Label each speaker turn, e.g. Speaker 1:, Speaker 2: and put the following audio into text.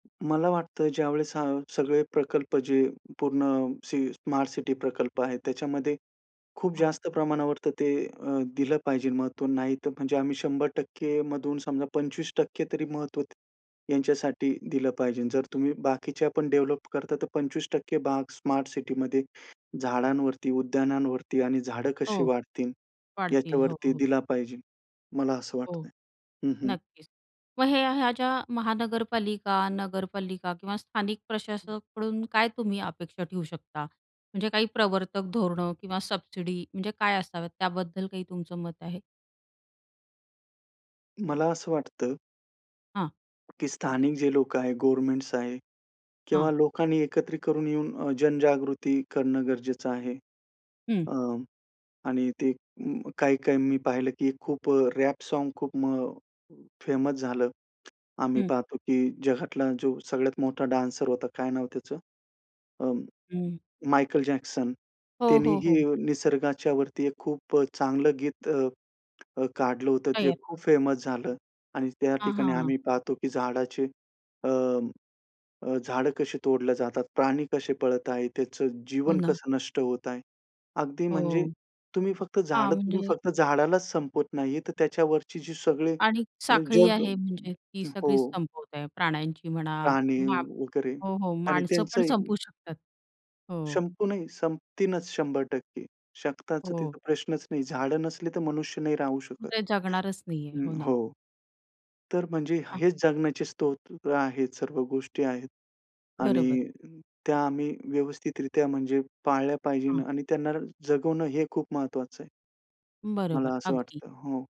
Speaker 1: मला वाटतं ज्यावेळेस हा सगळे प्रकल्प जे पूर्ण सी स्मार्ट सिटी प्रकल्प आहेत, त्याच्यामध्ये खूप
Speaker 2: हां.
Speaker 1: जास्त प्रमाणावर तर ते अ, दिलं पाहिजे महत्त्व. नाही तर म्हणजे आम्ही 100% मधून समजा 25% तरी महत्त्व त यांच्यासाठी दिलं पाहिजे. जर तुम्ही बाकीच्यापण डेव्हलप करता, तर 25% भाग स्मार्ट सिटीमध्ये झाडांवरती, उद्यानांवरती आणि झाडं कशी
Speaker 2: हो.
Speaker 1: वाढतील
Speaker 2: वाढतील. हो,
Speaker 1: याच्यावरती
Speaker 2: हो.
Speaker 1: दिला पाहिजे, मला असं वाटतं
Speaker 2: हो,
Speaker 1: आहे. हं, हं.
Speaker 2: नक्कीच. मग हे, ह्या ज्या महानगरपालिका, नगरपालिका किंवा स्थानिक
Speaker 1: हं.
Speaker 2: प्रशासकाकडून काय तुम्ही अपेक्षा ठेवू शकता? म्हणजे काही प्रवर्तक धोरणं किंवा सबसिडी, म्हणजे काय असाव्यात, त्याबद्दल काही तुमचं मत आहे?
Speaker 1: मला असं वाटतं
Speaker 2: हां.
Speaker 1: की स्थानिक जे लोकं आहेत, गव्हर्नमेंटस आहेत किंवा
Speaker 2: हां.
Speaker 1: लोकांनी एकत्रित करून येऊन अ, जनजागृती करणं गरजेचं आहे.
Speaker 2: हं.
Speaker 1: अ, आणि ते अ, काही-काही मी पाहिलं की खूप अ, रॅप साँग खूप म फेमस झालं. आम्ही
Speaker 2: हं.
Speaker 1: पाहतो, की जगातला जो सगळ्यात मोठा डान्सर होता, काय नाव त्याचं? अ,
Speaker 2: हं.
Speaker 1: Michael Jackson.
Speaker 2: हो,
Speaker 1: त्यांनी
Speaker 2: हो,
Speaker 1: ही
Speaker 2: हो.
Speaker 1: निसर्गाच्यावरती एक खूप अ, चांगलं गीत अ अ, काढलं होतं, ते
Speaker 2: तयार.
Speaker 1: खूप फेमस झालं. आणि त्या
Speaker 2: हां,
Speaker 1: ठिकाणी
Speaker 2: हां, हां.
Speaker 1: आम्ही पाहतो की झाडाचे अ अ, झाडं कशी तोडल्या जातात, प्राणी कसे पळत आहेत, त्याचं
Speaker 2: हो
Speaker 1: जीवन
Speaker 2: ना.
Speaker 1: कसं नष्ट होत आहे. अगदी म्हणजे
Speaker 2: हो.
Speaker 1: तुम्ही फक्त
Speaker 2: हां,
Speaker 1: झाडं तोडून,
Speaker 2: म्हणजे
Speaker 1: फक्त झाडालाच संपवत नाही, तर त्याच्यावरची जी सगळी
Speaker 2: आणि
Speaker 1: अ,
Speaker 2: साखळी
Speaker 1: जग
Speaker 2: आहे म्हणजे, ती सगळीच
Speaker 1: हो.
Speaker 2: संपवत आहे. प्राण्यांची म्हणा
Speaker 1: प्राणी
Speaker 2: मा
Speaker 1: वगैरे
Speaker 2: हो, हो.
Speaker 1: आणि
Speaker 2: माणसं
Speaker 1: त्यांचं
Speaker 2: पण
Speaker 1: ही
Speaker 2: संपवू शकतात. हो.
Speaker 1: संपू नाही, संपतीनच 100%. शक्ताच,
Speaker 2: हो.
Speaker 1: तिथं प्रश्नच नाही. झाडं नसली तर मनुष्य नाही राहू शकत.
Speaker 2: ते जगणारच नाहीये.
Speaker 1: हं,
Speaker 2: हो ना.
Speaker 1: हो. तर म्हणजे
Speaker 2: हां.
Speaker 1: हेच जगण्याचे स्रोत आहेत, सर्व गोष्टी आहेत. आणि
Speaker 2: बरोबर.
Speaker 1: त्या आम्ही व्यवस्थितरित्या म्हणजे पाळल्या पाहिजे
Speaker 2: हां.
Speaker 1: आणि त्यांना जगवणं हे खूप महत्त्वाचं आहे. मला
Speaker 2: बरोबर,
Speaker 1: असं
Speaker 2: अगदी.
Speaker 1: वाटतं. हो.